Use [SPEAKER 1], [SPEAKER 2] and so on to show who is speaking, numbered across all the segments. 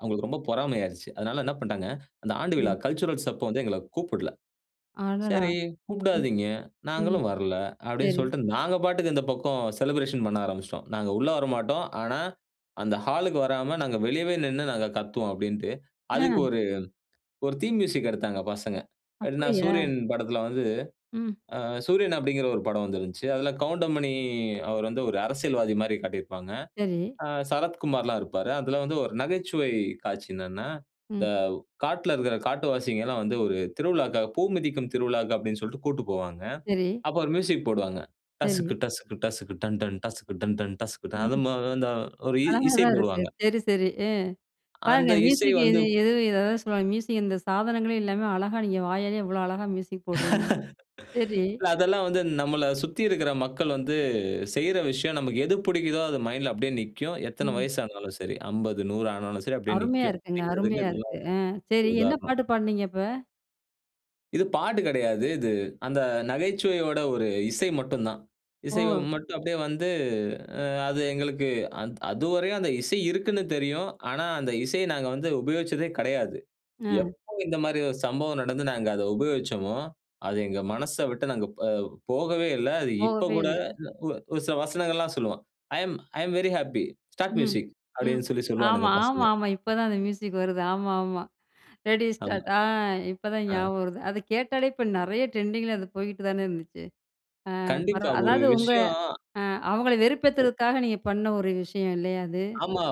[SPEAKER 1] அவுங்களுக்கு ரொம்ப பொறாமையாயிருச்சு. அதனால என்ன பண்ட்டாங்க, அந்த ஆண்டு விழா
[SPEAKER 2] ம்.
[SPEAKER 1] கல்ச்சுரல்ஸ் அப்போ வந்து எங்கள கூப்பிடல.
[SPEAKER 2] அடடா!
[SPEAKER 1] சரி
[SPEAKER 2] ம்.
[SPEAKER 1] கூப்டாதீங்க.
[SPEAKER 2] ம்
[SPEAKER 1] நாங்களும் வரல்ல அப்டின்னு
[SPEAKER 2] சரி.
[SPEAKER 1] சொல்ட்டு, நாங்க பாட்டுக்கு இந்த பக்கம் செலிபிரேஷன் பண்ண ஆரம்பிச்சுட்டோம். நாங்க உள்ளே வரமாட்டோம். ஆனா அந்த ஹாலுக்கு வராம நாங்க வெளியவே நின்னு நாங்க கத்துவோம் அப்டின்ட்டு, அதுக்கு
[SPEAKER 2] அ.
[SPEAKER 1] ஒரு ஒரு தீம் மியூசிக் எடுத்தாங்க பசங்க. எப்டின்னா
[SPEAKER 2] அப்டியா?
[SPEAKER 1] சூரியன் படத்ல வந்து
[SPEAKER 2] ம்.
[SPEAKER 1] ஆ சூரியன் அப்டிங்கிற ஒரு படம் வந்திருந்துச்சு. அதுல கவுண்டமணி அவருவந்து ஒரு அரசியல்வாதி மாரி காட்டியிருப்பாங்க.
[SPEAKER 2] சரி.
[SPEAKER 1] ஆ சரத்குமார்லாம் இருப்பாரு. அதுல வந்து ஒரு நகைச்சுவை காட்சி என்னன்னா, இந்த
[SPEAKER 2] ம்.
[SPEAKER 1] காட்ல இருக்ற காட்டுவாசிங்கல்லாம் வந்து ஒரு திருவிழாக்காக பூ மிதிக்கும் திருவிழாக்கு அப்டின்னு சொல்ட்டு கூட்டு போவாங்க.
[SPEAKER 2] சரி.
[SPEAKER 1] அப்போ ஒரு மியூசிக் போடுவாங்க.
[SPEAKER 2] சரி.
[SPEAKER 1] டசுக்கு, டசுக்கு, டசுக்கு, டன் டன் டசுக்கு, டன் டன் டன் அது
[SPEAKER 2] ம்.
[SPEAKER 1] மொ அந்த ஒரு இ
[SPEAKER 2] அழகா
[SPEAKER 1] இசை
[SPEAKER 2] தான் இருக்கு.
[SPEAKER 1] போடுவாங்க.
[SPEAKER 2] சரி, சரி, ஆ பாருங்க
[SPEAKER 1] அந்த இசை
[SPEAKER 2] மியூசிக்
[SPEAKER 1] வந்து
[SPEAKER 2] எது எது எதாவது சொல்லுவாங்க. மியூசிக் இந்த சாதனங்களே இல்லாம அழகா நீங்க வாயாலயே எவ்ளோ அழகா மியூசிக் போட்றீங்க. சரி.
[SPEAKER 1] இல்ல அதெல்லாம் வந்து நம்மள சுத்தி இருக்குற மக்கள் வந்து, செய்ற விஷயம் நமக்கு எது புடிக்குதோ, அது மைண்ட்ல அப்டியே நிக்கும். எத்தன
[SPEAKER 2] ம்.
[SPEAKER 1] வயசு ஆனாலும் சரி. 50, 100 ஆனாலும் சரி அப்டியே
[SPEAKER 2] அருமையா
[SPEAKER 1] நிக்கும்.
[SPEAKER 2] இருக்குங்க, அருமையா இருக்கு. அ
[SPEAKER 1] [unintelligible]
[SPEAKER 2] சரி, என்ன
[SPEAKER 1] உதாரணம்.
[SPEAKER 2] பாட்டு பாடுனீங்க அப்ப.
[SPEAKER 1] இது பாட்டு கெடையாது, இது அந்த நகைச்சுவையோட ஒரு இசை மட்டுந்தான். இசை
[SPEAKER 2] ஓ!
[SPEAKER 1] மட்டும் அப்டியே வந்து அ அது எங்களுக்கு அந்த் அதுவரையும் அந்த இசை இருக்குன்னு தெரியும். ஆனா அந்த இசைய நாங்க வந்து உபயோகிச்சதே கெடையாது.
[SPEAKER 2] அ.
[SPEAKER 1] எப்போ இந்த மாரி ஒரு சம்பவம் நடந்து நாங்க அத உபயோச்சமோ, அது எங்க மனச விட்டு நாங்க அ போகவே இல்ல. அது இப்ப
[SPEAKER 2] போகவே
[SPEAKER 1] கூடஒ
[SPEAKER 2] இல்ல.
[SPEAKER 1] ஒ ஒரு சில வசனங்கள்லாம் சொல்லுவேன். I'm I'm very happy start
[SPEAKER 2] hmm
[SPEAKER 1] music
[SPEAKER 2] ம்.
[SPEAKER 1] அப்டின்னு சொல்லி சொல்லுவானுங்க
[SPEAKER 2] ஆமா, ஆமா,
[SPEAKER 1] பசங்க.
[SPEAKER 2] ஆமா. இப்ப தான் அந்த மியூசிக் வருது. ஆமா, ஆமா, ரெடி
[SPEAKER 1] ஆமா.
[SPEAKER 2] ஸ்டார்ட் ஆ இப்பதான்
[SPEAKER 1] ஆ.
[SPEAKER 2] ஞாபகம் வருது. அத கேட்டாலே இப்ப நெறைய ட்ரெண்டிங்கில அது போயிட்டு தானே இருந்துச்சு. ஆ
[SPEAKER 1] கண்டிப்பா
[SPEAKER 2] பரவா
[SPEAKER 1] ஒரு
[SPEAKER 2] அதாவது உங்க
[SPEAKER 1] விஷயம்.
[SPEAKER 2] அ அவங்கள வெறுப்பேத்துறதுக்காக நீங்க பண்ண ஒரு விஷயம் இல்லையா அது?
[SPEAKER 1] ஆமா.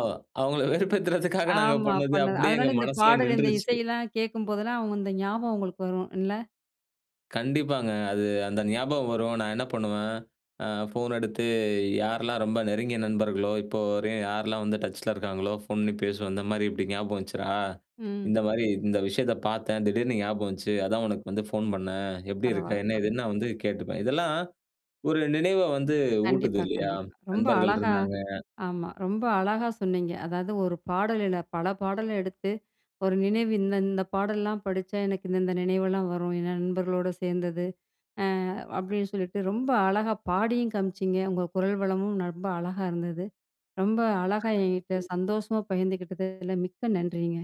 [SPEAKER 1] அவுங்கள வெறுப்பேத்துறதுக்காக நாங்க
[SPEAKER 2] ஆமா
[SPEAKER 1] பண்ணது,
[SPEAKER 2] பண்ணது.
[SPEAKER 1] அப்டியே எங்க
[SPEAKER 2] அதனால இந்த
[SPEAKER 1] மனசுலயே
[SPEAKER 2] பாடல் இந்த
[SPEAKER 1] நின்றுச்சு.
[SPEAKER 2] இசையெல்லாம் கேட்கும்போதெல்லாம், அவுங்க இந்த ஞாபகம் உங்களுக்கு வரும் இல்ல?
[SPEAKER 1] கண்டிப்பாங்க. அது அந்த ஞாபகம் வரும். நான் என்ன பண்ணுவேன். அ ஃபோன் எடுத்து யாரெல்லாம் ரொம்ப நெருங்கிய நண்பர்களோ, இப்போ வரையும் யாரெல்லாம் வந்து டச்ல இருக்காங்களோ ஃபோன் பண்ணி பேசுவேன். இந்த மாரி இப்டி ஞாபகம் வந்துச்சுரா,
[SPEAKER 2] ம்.
[SPEAKER 1] இந்த மாரி இந்த விஷயத்த பார்த்தேன். திடீர்னு ஞாபகம் வந்துச்சு. அதான் உனக்கு வந்து ஃபோன் பண்ணேன். எப்டி இருக்க?
[SPEAKER 2] பரவால
[SPEAKER 1] என்ன
[SPEAKER 2] ப
[SPEAKER 1] ஏதுன்னு நான் வந்து கேட்டுப்பேன். இதெல்லாம் ஒரு நினைவ வந்து ஊட்டுது
[SPEAKER 2] கண்டிப்பா,
[SPEAKER 1] இல்லயா?
[SPEAKER 2] கண்டிப்பா. ரொம்ப
[SPEAKER 1] நண்பர்கள்
[SPEAKER 2] அழகா
[SPEAKER 1] இருந்தாங்க.
[SPEAKER 2] ஆமா, ரொம்ப அழகா சொன்னீங்க. அதாவது ஒரு பாடல் இல்ல பல பாடல எடுத்து ஒரு நினைவு இந்த இந்த பாடல்லலாம் படிச்சா, எனக்கு இந்த இந்த நினைவெல்லாம் வரும். என் நண்பர்களோட சேர்ந்தது ஆ அப்டின்னு சொல்லிட்டு ரொம்ப அழகா பாடியும் காமிச்சிங்க. உங்க குரல் வளமும் ரொம்ப அழகா இருந்தது. ரொம்ப அழகா என்கிட்ட,
[SPEAKER 1] ம்.
[SPEAKER 2] சந்தோஷமா பகிர்ந்துக்கிட்டதில மிக்க நன்றிங்க.